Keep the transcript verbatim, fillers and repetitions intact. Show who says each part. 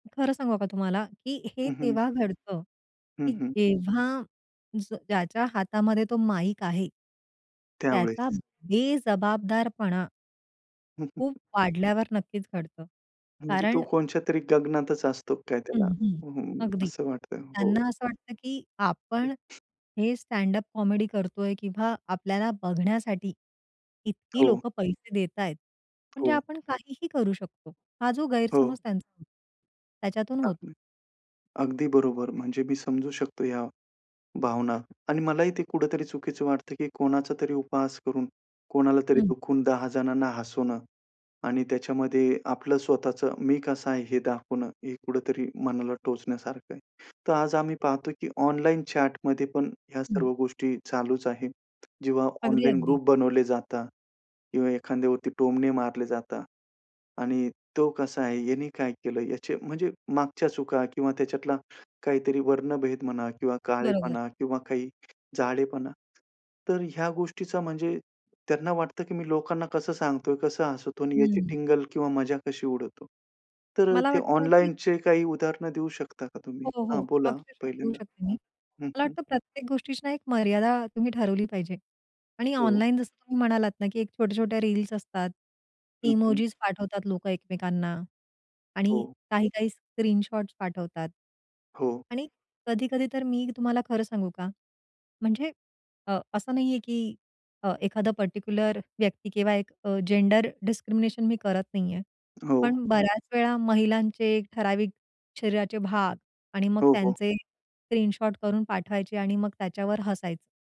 Speaker 1: खरं सांगू का तुम्हाला की हे
Speaker 2: हं, हं.
Speaker 1: तेव्हा घडतं
Speaker 2: हं,
Speaker 1: की
Speaker 2: हं.
Speaker 1: जेव्हा ज्याच्या हातामध्ये तो माईक आहे. त्याचा
Speaker 2: त्यावेळेस.
Speaker 1: बेजबाबदारपणा
Speaker 2: हं, हं.
Speaker 1: खूप
Speaker 2: हं.
Speaker 1: वाढल्यावर नक्कीच घडतं.
Speaker 2: म्हणजे तो
Speaker 1: कारण
Speaker 2: कोणच्यातरी गगनातच असतो काय
Speaker 1: हं,
Speaker 2: त्याला,
Speaker 1: हं,
Speaker 2: हं, हं.
Speaker 1: अगदी.
Speaker 2: असं वाटतंय हो.
Speaker 1: त्यांना असं वाटतं की आपण
Speaker 2: हं.
Speaker 1: हे स्टॅड अप कॉमेडी करतोय किंवा आपल्याला बघण्यासाठी इतकी
Speaker 2: हो.
Speaker 1: लोकं पैसे देतायत, म्हणजे
Speaker 2: हो.
Speaker 1: आपण काहीही करू शकतो. हा जो
Speaker 2: हो.
Speaker 1: गैरसमज त्यांचा, त्याच्यातून होतो.
Speaker 2: अगदी. अगदी बरोबर, म्हणजे मी समजू शकतो या भावना आणि मलाही ते कुठेतरी चुकीचं वाटतं की कोणाचा तरी उपहास करून कोणाला तरी
Speaker 1: हं.
Speaker 2: दुखवून दहा जणांना हसवणं आणि त्याच्यामध्ये आपलं स्वतःचं मी कसा आहे? हे दाखवणं हे कुठेतरी मनाला टोचण्यासारखं आहे. तर आज आम्ही पाहतो की ऑनलाईन चॅटमध्ये पण ह्या
Speaker 1: हं.
Speaker 2: सर्व गोष्टी चालूच आहेत. जेव्हा
Speaker 1: अगदी,
Speaker 2: ऑनलाईन
Speaker 1: अगदी.
Speaker 2: ग्रुप बनवले जातात किंवा एखाद्यावरती टोमणे मारले जातात आणि तो कसा आहे? यांनी काय केलं? याचे म्हणजे मागच्या चुका किंवा त्याच्यातला काहीतरी वर्णभेद म्हणा किंवा
Speaker 1: बरोबर.
Speaker 2: काळेपणा किंवा काही जाडेपणा. तर ह्या गोष्टीचा म्हणजे त्यांना वाटतं की मी लोकांना कसं सांगतोय कसं हसवतो? आणि याची
Speaker 1: हं.
Speaker 2: टिंगल किंवा मजा कशी उडवतो? तर अ,
Speaker 1: मला
Speaker 2: ते
Speaker 1: वाटतं ना की
Speaker 2: ऑनलाईनचे काही उदाहरण देऊ शकता का तुम्ही?
Speaker 1: हो,
Speaker 2: हां,
Speaker 1: हो,
Speaker 2: बोला.
Speaker 1: अक्षरशः देऊ
Speaker 2: पहिल्यांदा
Speaker 1: शकते मी.
Speaker 2: हं, हं.
Speaker 1: मला
Speaker 2: हं.
Speaker 1: वाटतं प्रत्येक गोष्टीची ना, एक मर्यादा तुम्ही ठरवली पाहिजे आणि
Speaker 2: हो.
Speaker 1: ऑनलाईन जसं तुम्ही म्हणालात ना, की एक छोट्या-छोट्या रील्स असतात.
Speaker 2: हं, हं.
Speaker 1: इमोजिस पाठवतात लोकं एकमेकांना आणि
Speaker 2: हो.
Speaker 1: काही-काही स्क्रीनशॉट्स पाठवतात
Speaker 2: हो.
Speaker 1: आणि कधी-कधी तर मी तुम्हाला खरं सांगू का? म्हणजे अ, असं नाहीये की अ, एखादा पर्टिक्युलर व्यक्ती किंवा एक अ, जेंडर डिस्क्रिमिनेशन मी करत नाहीये.
Speaker 2: हो.
Speaker 1: पण बऱ्याच वेळा महिलांचे ठराविक शरीराचे भाग आणि मग
Speaker 2: हो, हो.
Speaker 1: त्यांचे स्क्रीनशॉट करून पाठवायची आणि मग त्याच्यावर हसायचं.